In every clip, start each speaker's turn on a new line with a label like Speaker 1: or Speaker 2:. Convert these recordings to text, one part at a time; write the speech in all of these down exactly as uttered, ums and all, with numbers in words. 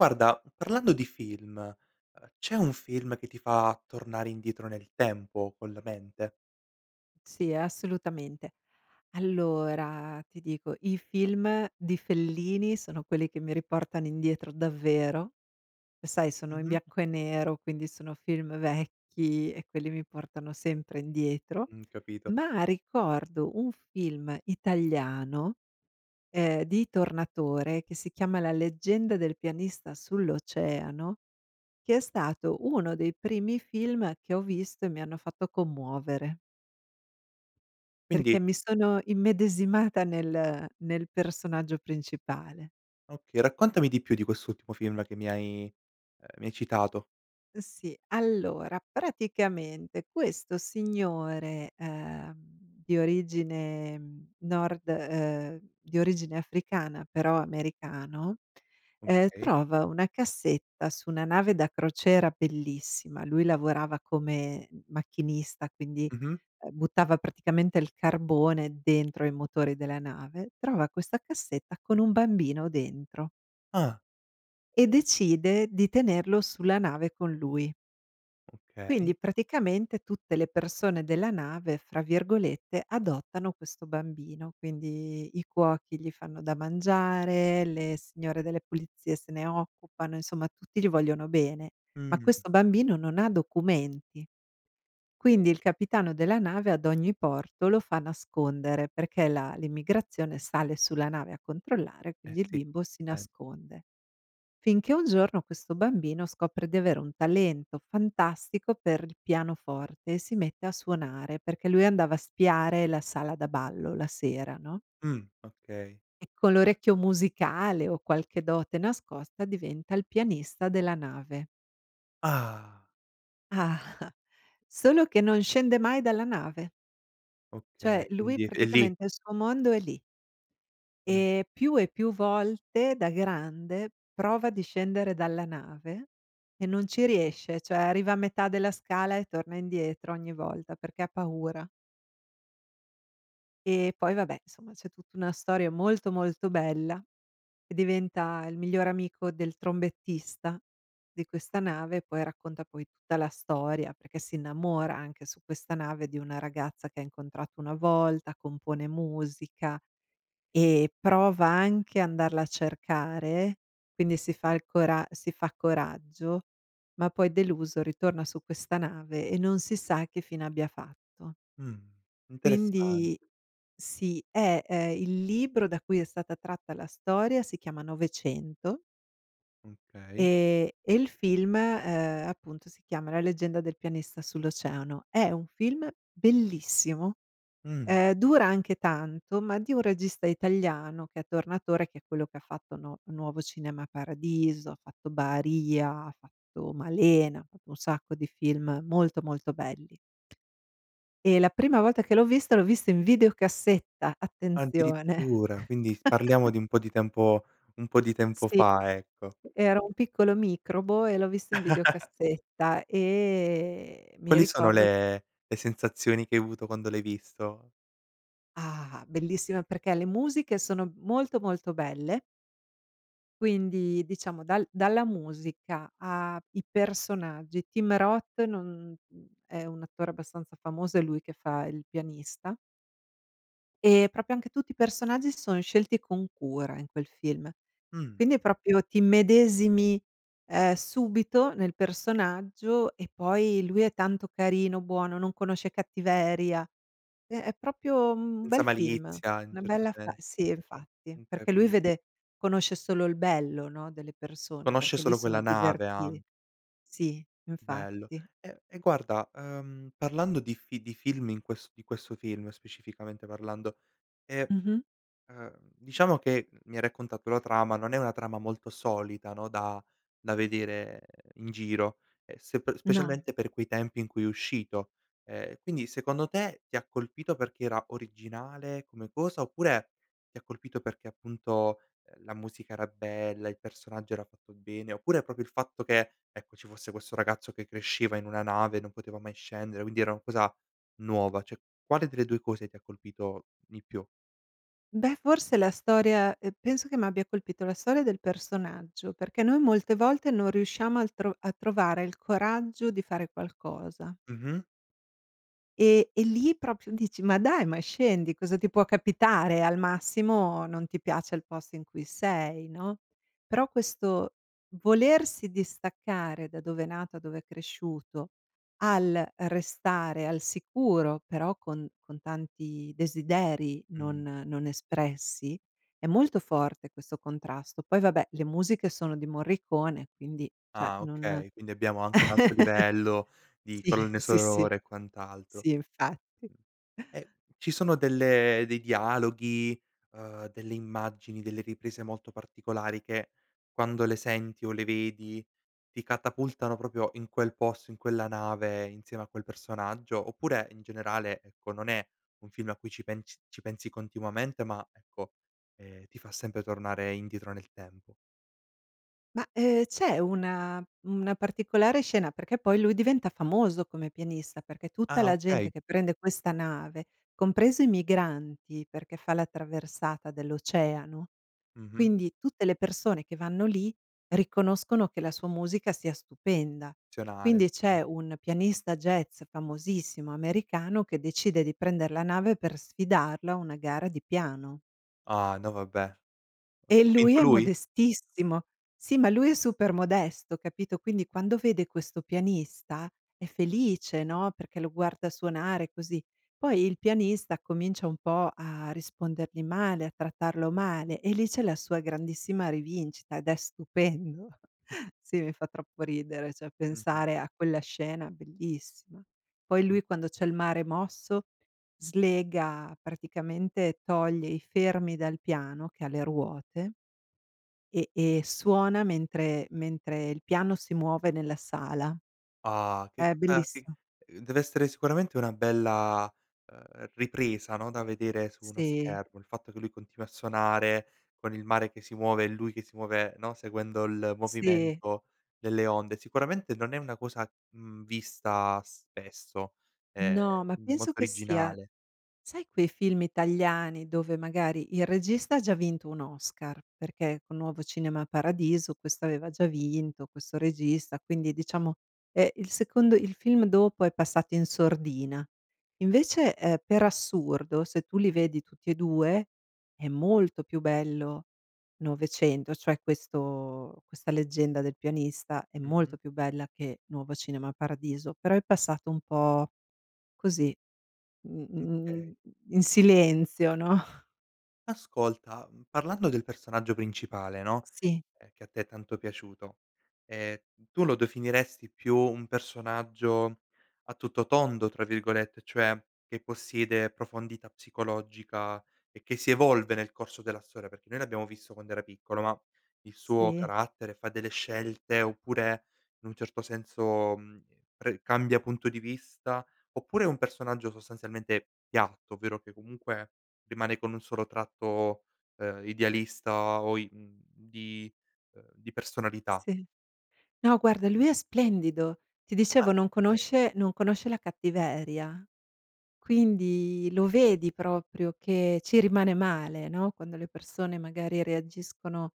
Speaker 1: Guarda, parlando di film, ehm, c'è un film che ti fa tornare indietro nel tempo con la mente?
Speaker 2: Sì, ehm, assolutamente. Allora, ti dico, i film di Fellini sono quelli che mi riportano indietro, davvero. Sai, sono in
Speaker 1: Mh-mh.
Speaker 2: bianco e nero, quindi sono film vecchi e quelli mi portano sempre indietro,
Speaker 1: Mhmm, capito.
Speaker 2: ma ricordo un film italiano, ehm, di Tornatore che si chiama "La leggenda del pianista sull'oceano", che è stato uno dei primi film che ho visto e mi hanno fatto commuovere.
Speaker 1: Quindi
Speaker 2: Perché mi sono immedesimata nel nel personaggio principale.
Speaker 1: Okay, raccontami di più di quest'ultimo film che mi hai ehm, mi hai citato.
Speaker 2: Ehm, sì, allora, praticamente questo signore, ehm, di origine nord ehm, di origine africana, però americano, ehm,
Speaker 1: Okay.
Speaker 2: trova una cassetta su una nave da crociera bellissima. Lui lavorava come macchinista, quindi,
Speaker 1: Mh-mh.
Speaker 2: uhm, buttava praticamente il carbone dentro i motori della nave. Trova questa cassetta con un bambino dentro
Speaker 1: Ah.
Speaker 2: e decide di tenerlo sulla nave con lui.
Speaker 1: Okay.
Speaker 2: Quindi, praticamente, tutte le persone della nave, fra virgolette, "adottano questo bambino". Quindi i cuochi gli fanno da mangiare, le signore delle pulizie se ne occupano, insomma, tutti gli vogliono bene. Ma
Speaker 1: Mh.
Speaker 2: questo bambino non ha documenti, quindi il capitano della nave, ad ogni porto, lo fa nascondere perché la l'immigrazione sale sulla nave a controllare,
Speaker 1: Eh
Speaker 2: quindi il
Speaker 1: sì,
Speaker 2: bimbo si
Speaker 1: eh.
Speaker 2: nasconde. Finché un giorno questo bambino scopre di avere un talento fantastico per il pianoforte e si mette a suonare perché lui andava a spiare la sala da ballo la sera, no?
Speaker 1: Mh, okay.
Speaker 2: E con l'orecchio musicale o qualche dote nascosta diventa il pianista della nave.
Speaker 1: Ah!
Speaker 2: Ah, solo che non scende mai dalla nave. Cioè,
Speaker 1: Okay,
Speaker 2: lui
Speaker 1: quindi è lì.
Speaker 2: praticamente il suo mondo è lì.
Speaker 1: Mh.
Speaker 2: Ehm, più e più volte, da grande prova di scendere dalla nave e non ci riesce, ceh arriva a metà della scala e torna indietro ogni volta perché ha paura. Ehm, poi, vabbè, insoma c'è tutta una storia molto, molto bella e diventa il migliore amico del trombettista di questa nave. Poi racconta, poi, tutta la storia perché si innamora anche, su questa nave, di una ragazza che ha incontrato una volta, compone musica e prova anche andarla a cercare, quindi si fa il cora si fa coraggio, ma poi deluso ritorna su questa nave e non si sa che fine abbia fatto.
Speaker 1: Mh, interessan
Speaker 2: Quindi sì, eh! Ehm, il libro da cui è stata tratta la storia si chiama novecento.
Speaker 1: Okay.
Speaker 2: E e il film, ehm, appunto, si chiama "La leggenda del pianista sull'oceano". È un film bellissimo!
Speaker 1: Mh.
Speaker 2: Ehm, dura anche tanto, ma di un regista italiano che è Tornatore, che è quello che fatto No "Nuovo cinema paradiso", ha fatto "Baarìa", ha fatto "Malena", ha fatto un sacco di film molto, molto belli. E la prima volta che l'ho visto, l'ho visto in videocassetta, attenzione.
Speaker 1: Addirittura! Quindi parliamo di un po' di tempo un po' di tempo,
Speaker 2: Sì,
Speaker 1: fa ecco.
Speaker 2: era un piccolo microbo e l'ho visto in videocassetta e mi
Speaker 1: Quali sono
Speaker 2: ricordo
Speaker 1: le le sensazioni che hai avuto quando l'hai visto?
Speaker 2: Ah! Bellissima perché le musiche sono molto, molto belle. Quindi, diciamo, dal dalla musica a i personaggi. Tim Roth non è un attore abbastanza famoso, è lui che fa il pianista. Ehm, proprio anche tutti i personaggi s sono scelti con cura in quel film.
Speaker 1: Mh.
Speaker 2: Quindi è proprio t'immedesimi, ehm, subito nel personaggio e poi lui è tanto carino, buono, non conosce cattiveria. Ehm, è proprio un
Speaker 1: Senza
Speaker 2: bel film,
Speaker 1: malizia in un
Speaker 2: una
Speaker 1: certo
Speaker 2: bella fa
Speaker 1: se
Speaker 2: sì, infatti.
Speaker 1: mh,
Speaker 2: Perché lui
Speaker 1: capi
Speaker 2: vede conosce solo il bello, no, delle persone
Speaker 1: Conosce
Speaker 2: perché lì
Speaker 1: solo
Speaker 2: sono
Speaker 1: quella nave a
Speaker 2: diverti sì,
Speaker 1: Bello.
Speaker 2: infatti.
Speaker 1: E e guarda, ehm, parlando di fi di film in ques di questo film, specificamente parlando, ehm,
Speaker 2: Mh-mh.
Speaker 1: uhm, diciamo che, mi hai raccontato la trama. Non è una trama molto solita, no, da da vedere in giro e se pe
Speaker 2: No.
Speaker 1: specialmente per quei tempi in cui è uscito, ehm, quindi, secondo te, ti ha colpito perché era originale come cosa oppure ti ha colpito perché, appunto, ehm, la musica era bella, il personaggio era fatto bene, oppure proprio il fatto che, ecco, ci fosse questo ragazzo che cresceva in una nave, non poteva mai scendere, quindi era una cosa nuova, ceh quale delle due cose ti ha colpito di più?
Speaker 2: Beh, forse, la storia uhm, penso che m'abbia colpito la storia del personaggio perché noi, molte volte, non riusciamo al tro a trovare il coraggio di fare qualcosa.
Speaker 1: Mh-mh.
Speaker 2: E e lì proprio dici: "Ma dai, ma scendi, cosa ti può capitare? Al massimo, non ti piace il posto in cui sei, no?" Però questo volersi distaccare da dove è nata, dove è cresciuto al restare al sicuro però con con tanti desideri
Speaker 1: Mh.
Speaker 2: non non espressi, è molto forte, questo contrasto. Poi vabbè, le musiche sono di Morricone, quindi ceh
Speaker 1: Ah
Speaker 2: non
Speaker 1: okay, quindi abbiamo anche un alto livello di
Speaker 2: Sì,
Speaker 1: colonne
Speaker 2: sì, sì,
Speaker 1: sonore e quant'altro.
Speaker 2: sì infatti.
Speaker 1: Ehm, ci sono delle dei dialoghi, uhm, delle immagini, delle riprese molto particolari che, quando le senti o le vedi, ti catapultano proprio in quel posto, in quella nave insieme a quel personaggio? Oppure, in generale, ecco, non è un film a cui ci pens ci pensi continuamente, ma, ecco, ehm, ti fa sempre tornare indietro nel tempo?
Speaker 2: Ma, ehm, c’è una una particolare scena, perché poi lui diventa famoso come pianista, perché tutta
Speaker 1: Ah
Speaker 2: la gente
Speaker 1: okay.
Speaker 2: che prende questa nave, compreso i migranti, perché fa la traversata dell’oceano,
Speaker 1: Mh-mh.
Speaker 2: quindi tutte le persone che vanno lì riconoscono che la sua musica sia stupenda.
Speaker 1: zionale,
Speaker 2: Quindi
Speaker 1: okay.
Speaker 2: c’è un pianista jazz famosissimo americano che decide di prender la nave per sfidarlo a una gara di piano.
Speaker 1: Ah no, vabbè! Ha
Speaker 2: E lui
Speaker 1: vinto
Speaker 2: è
Speaker 1: lui?
Speaker 2: modestissimo. Sì, ma lui è super modesto, capito? Quindi, quando vede questo pianista è felice, no? Perché lo guarda suonare così, poi il pianista comincia un po' a rispondergli male, a trattarlo male e lì c'è la sua grandissima rivincita ed è stupendo. Sì, mi fa troppo ridere, ceh,
Speaker 1: Mh-mh.
Speaker 2: pensare a quella scena, bellissima. Poi
Speaker 1: Con
Speaker 2: lui, quando c'è il mare mosso, slega praticamente toglie i fermi dal piano che ha le ruote e e suona mentre mentre il piano si muove nella sala.
Speaker 1: Ah! Che
Speaker 2: È
Speaker 1: co che
Speaker 2: bellissimo.
Speaker 1: uhm, dev'essere sicuramente una bella, ehm, ripresa, no, da vedere su uno
Speaker 2: Sì.
Speaker 1: schermo. Il fatto che lui continui a suonare con il mare che si muove e lui che si muove, no, seguendo il
Speaker 2: Sì.
Speaker 1: movimento delle onde. Sicuramente non è una cosa, mhmm, vista spesso, ehm,
Speaker 2: No, ma
Speaker 1: quindi
Speaker 2: penso
Speaker 1: molto
Speaker 2: che sia
Speaker 1: originale.
Speaker 2: sai, quei film italiani dove, magari, il regista ha già vinto un Oscar, perché con Nuovo Cinema Paradiso, questo aveva già vinto, questo regista, quindi, diciamo, è il secondo il film dopo è passato in sordina. Invece, ehm, per assurdo, se tu li vedi tutti e due, è molto più bello novecento, cioè questo questa leggenda del pianista. È
Speaker 1: Mh-mh.
Speaker 2: molto più bella che Nuovo Cinema Paradiso, però è passato un po’, così,
Speaker 1: Mh
Speaker 2: mhmm,
Speaker 1: ...kay
Speaker 2: in silenzio, no?
Speaker 1: Ascolta, mhmm, parlando del personaggio principale, no,
Speaker 2: Sì.
Speaker 1: ehm, che a te è tanto piaciuto, ehm, tu lo dofineresti più un personaggio “a tutto tondo”, tra virgolette, cioè che possiede profondità psicologica e che si evolve nel corso della storia, perché noi l’abbiamo visto quando era piccolo, ma il suo
Speaker 2: Sì?
Speaker 1: carattere fa delle scelte oppure, in un certo senso, mhmm, pre cambia punto di vista? Oppure è un personaggio, sostanzialmente, piatto, ovvero che, comunque, rimane con un solo tratto, ehm, idealista o i mhmm, di ehm, di personalità?
Speaker 2: Sì. No, guarda, lui è splendido. Ti dicevo,
Speaker 1: Ah,
Speaker 2: non
Speaker 1: okay.
Speaker 2: conosce non conosce la cattiveria, quindi lo vedi proprio che ci rimane male, no, quando le persone, magari, reagiscono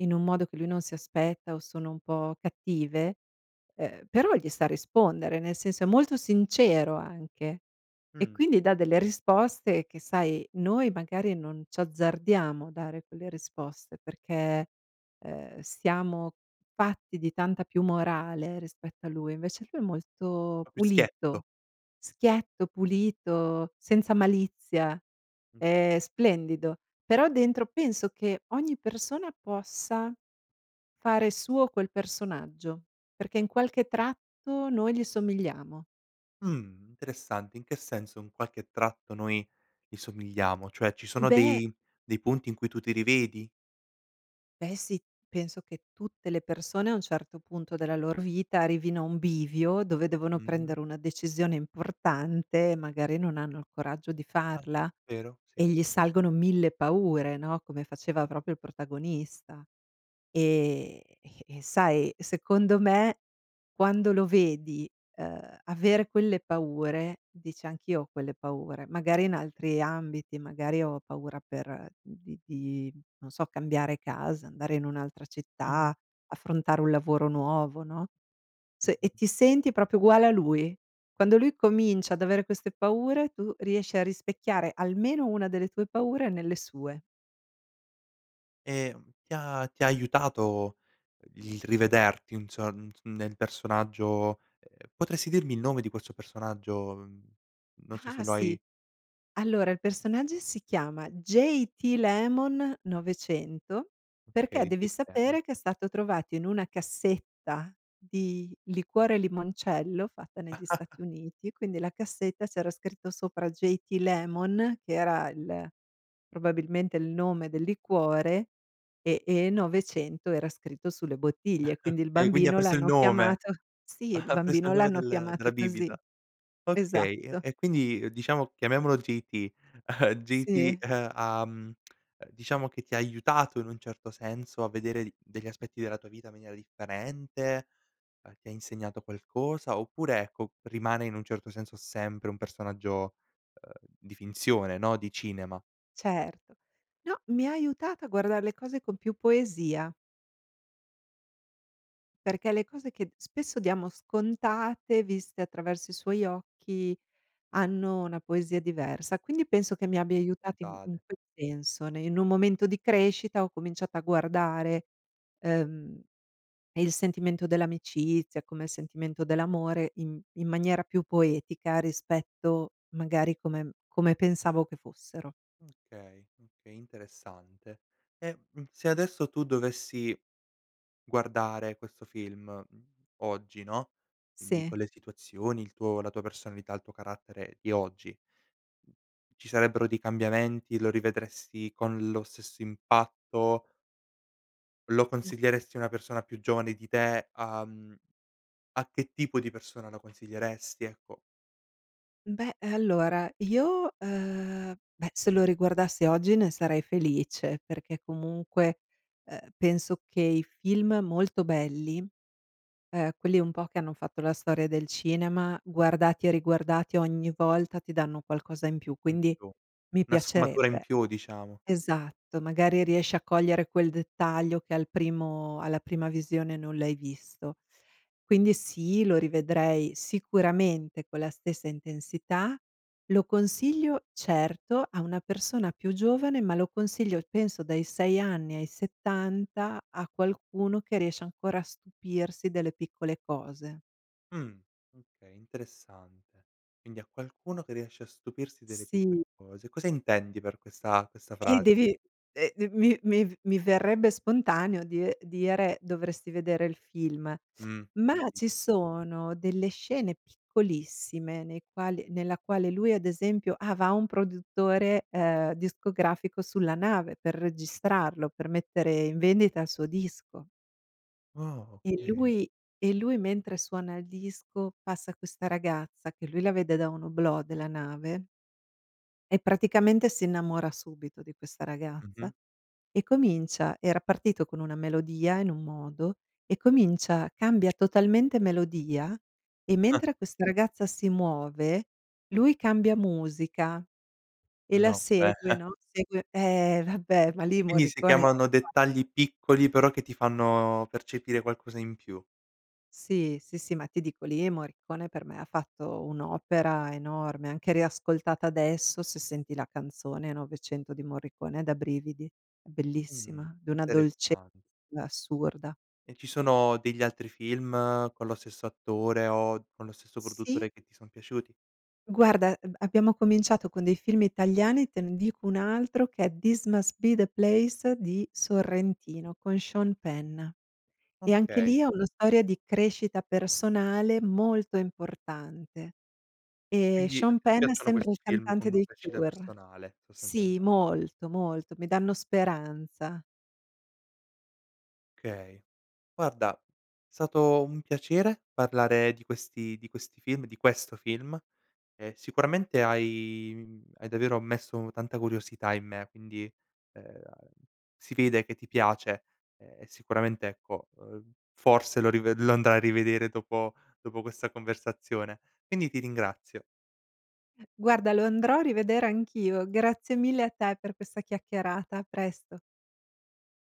Speaker 2: in un modo che lui non si aspetta o sono un po' cattive, uhm, però gli sa rispondere. Nel senso, è molto sincero, anche. E,
Speaker 1: Mh.
Speaker 2: quindi, dà delle risposte che, sai, noi, magari, non c'azzardiamo a dare quelle risposte perché, ehm, siamo fatti di tanta più morale rispetto a lui. Invece lui è molto
Speaker 1: propio schietto.
Speaker 2: pulito. Schietto, pulito, senza malizia, è
Speaker 1: [unintelligible]
Speaker 2: splendido. Però dentro penso che ogni persona possa fare suo quel personaggio perché, in qualche tratto, noi gli somigliamo.
Speaker 1: Mh, interessante. In che senso in qualche tratto noi gli somigliamo? Cioè, ci sono
Speaker 2: Beh
Speaker 1: dei dei punti in cui tu ti rivedi?
Speaker 2: Beh sì, penso che tutte le persone a un certo punto della loro vita arrivino a un bivio dove devono
Speaker 1: Mh-mh.
Speaker 2: prendere una decisione importante, magari non hanno il coraggio di
Speaker 1: Ah,
Speaker 2: farla.
Speaker 1: vero,
Speaker 2: E
Speaker 1: sì.
Speaker 2: gli salgono mille paure no, come faceva proprio il protagonista. E e sai secondo me, quando lo vedi ehm avere quelle paure dici: "Anch'io ho quelle paure", magari in altri ambiti, magari ho paura per di di non so cambiare casa, andare in un'altra città,
Speaker 1: Mh-mh.
Speaker 2: affrontare un lavoro nuovo, no, s e
Speaker 1: Mh-mh.
Speaker 2: ti senti proprio uguale a lui. Quando lui comincia ad avere queste paure tu riesci a rispecchiare almeno una delle tue paure nelle sue.
Speaker 1: Ehm ti ha ti ha aiutato il rivederti inso n nel personaggio, ehm potresti dirmi il nome di questo personaggio? Non so
Speaker 2: Ah,
Speaker 1: se lo
Speaker 2: sì!
Speaker 1: hai
Speaker 2: Allora il personaggio si chiama J.T. Lemon novecento perché
Speaker 1: Okay,
Speaker 2: devi
Speaker 1: J.T. Lemon.
Speaker 2: sapere che è stato trovato in una cassetta di liquore limoncello fatta negli Stati Uniti, quindi la cassetta c'era scritto sopra J.T. Lemon, che era il probabilmente il nome del liquore e e novecento era scritto sulle bottiglie quindi il
Speaker 1: Okay quindi ha
Speaker 2: bambino
Speaker 1: preso il
Speaker 2: l'hanno
Speaker 1: nome
Speaker 2: chiamato sì, il
Speaker 1: ha preso
Speaker 2: bambino
Speaker 1: il nome
Speaker 2: l'hanno
Speaker 1: del
Speaker 2: chiamato
Speaker 1: della
Speaker 2: così.
Speaker 1: bibita.
Speaker 2: Esatto.
Speaker 1: Okay e quindi diciamo chiamiamolo J.T., J.T.
Speaker 2: Sì?
Speaker 1: ehm, ahm, diciamo che ti ha aiutato in un certo senso a vedere d degli aspetti della tua vita in maniera differente, ti ha insegnato qualcosa oppure ecco, rimane in un certo senso sempre un personaggio, ehm, di finzione no, di cinema?
Speaker 2: Certo. No, mi ha aiutata a guardare le cose con più poesia perché le cose che spesso diamo scontate, viste attraverso i suoi occhi hanno una poesia diversa. Quindi penso che mi abbia aiutati in in
Speaker 1: puntate.
Speaker 2: quel senso ne in un momento di crescita ho cominciato a guardare, ehm, il sentimento dell'amicizia come il sentimento dell'amore in in maniera più poetica rispetto magari come come pensavo che fossero.
Speaker 1: Okay, okay interessante. E, mhmm, se adesso tu dovessi guardare questo film, mhmm, oggi no, quindi
Speaker 2: Sì.
Speaker 1: con le situazioni il tuo la tua personalità, il tuo carattere di oggi ci sarebbero dei cambiamenti, lo rivedresti con lo stesso impatto lo consiglieresti a una persona più giovane di te? Uhm a che tipo di persona la consiglieresti? Ecco.
Speaker 2: Beh allora io, ehm, beh se lo riguardassi oggi ne sarei felice, perché comunque, ehm, penso che i film molto belli, ehm, quelli un po' che hanno fatto la storia del cinema, guardati e riguardati ogni volta ti danno qualcosa in più quindi
Speaker 1: [unintelligible]
Speaker 2: mi
Speaker 1: .Una sfumatura in
Speaker 2: piacerebbe
Speaker 1: più diciamo.
Speaker 2: esatto magari riesci a cogliere quel dettaglio che al primo alla prima visione non l'hai visto, quindi sì lo rivedrei sicuramente con la stessa intensità. Lo consiglio certo a una persona più giovane ma lo consiglio penso dai sei anni ai settanta a qualcuno che riesce ancora a stupirsi delle piccole cose.
Speaker 1: Mh. Okay. Interessante. Quindi, a qualcuno che riesce a stupirsi delle
Speaker 2: Sì.
Speaker 1: piccole cose. Cosa intendi per questa questa
Speaker 2: Eh
Speaker 1: fras
Speaker 2: devi, ehm, dev mi mi v mi verrebbe spontaneo die dire: "Dovresti vedere il film".
Speaker 1: Mh.
Speaker 2: Ma, ci
Speaker 1: Capito.
Speaker 2: sono delle scene piccolissime, nei quali nella quale lui, ad esempio ah, va un produttore, ehm, discografico sulla nave. Per registrarlo, per mettere in vendita il suo disco.
Speaker 1: Oh,
Speaker 2: E
Speaker 1: oka
Speaker 2: lui e lui mentre suona il disco, passa questa ragazza, che lui la vede da un oblò della nave e praticamente si innamora subito di questa ragazza.
Speaker 1: Mh-mh.
Speaker 2: E comincia era partito con una melodia in un modo, e comincia cambia totalmente melodia. E mentre questa ragazza si muove, lui cambia musica, e la
Speaker 1: No, beh.
Speaker 2: segue, no, segue ehm, vabbè, ma lì
Speaker 1: Quindi, si
Speaker 2: Morricone
Speaker 1: chiamano
Speaker 2: [unintelligible]
Speaker 1: dettagli piccoli, però che ti fanno percepire qualcosa in più.
Speaker 2: Sì. Sì, sì. Ma ti dico, lì, Morricone per me ha fatto un'opera enorme. Anche riascoltata adesso, se senti la canzone Novecento di Morricone è da brividi. È
Speaker 1: Mh.
Speaker 2: bellissima, di una dolce
Speaker 1: Interessan
Speaker 2: assurda.
Speaker 1: E ci sono degli altri film con lo stesso attore o con lo stesso
Speaker 2: Sì.
Speaker 1: produttore, che ti son piaciuti?
Speaker 2: Guarda, eb abbiamo cominciato con dei film italiani. Te ne dico un altro che è This Must Be The Place di
Speaker 1: Mh.
Speaker 2: Sorrentino. Con Sean Penn. E anche
Speaker 1: Okay.
Speaker 2: lì, è una storia di crescita personale molto importante. Ehm,
Speaker 1: Quindi a
Speaker 2: Sean
Speaker 1: te ti
Speaker 2: Penn
Speaker 1: piacciono
Speaker 2: sembra il
Speaker 1: questi film
Speaker 2: cantante
Speaker 1: con
Speaker 2: dei
Speaker 1: crescita
Speaker 2: Cure.
Speaker 1: personale, sostanzialme
Speaker 2: Sì, molto, molto. Mi danno speranza.
Speaker 1: kay. Guarda sato un piacere parlare di questi di questi film di questo film. E sicuramente hai, mhmm, hai davvero messo tanta curiosità in me. Quindi, ehm, si vede che ti piace, ehm, sicuramente ecco, uhm, forse lo riv lo andai a rivedere dopo dopo questa conversazione. Quindi, ti ringrazio.
Speaker 2: Guarda, lo andrò a rivedere anch'io. Grazie mille a te, per questa chiaccherata. A presto.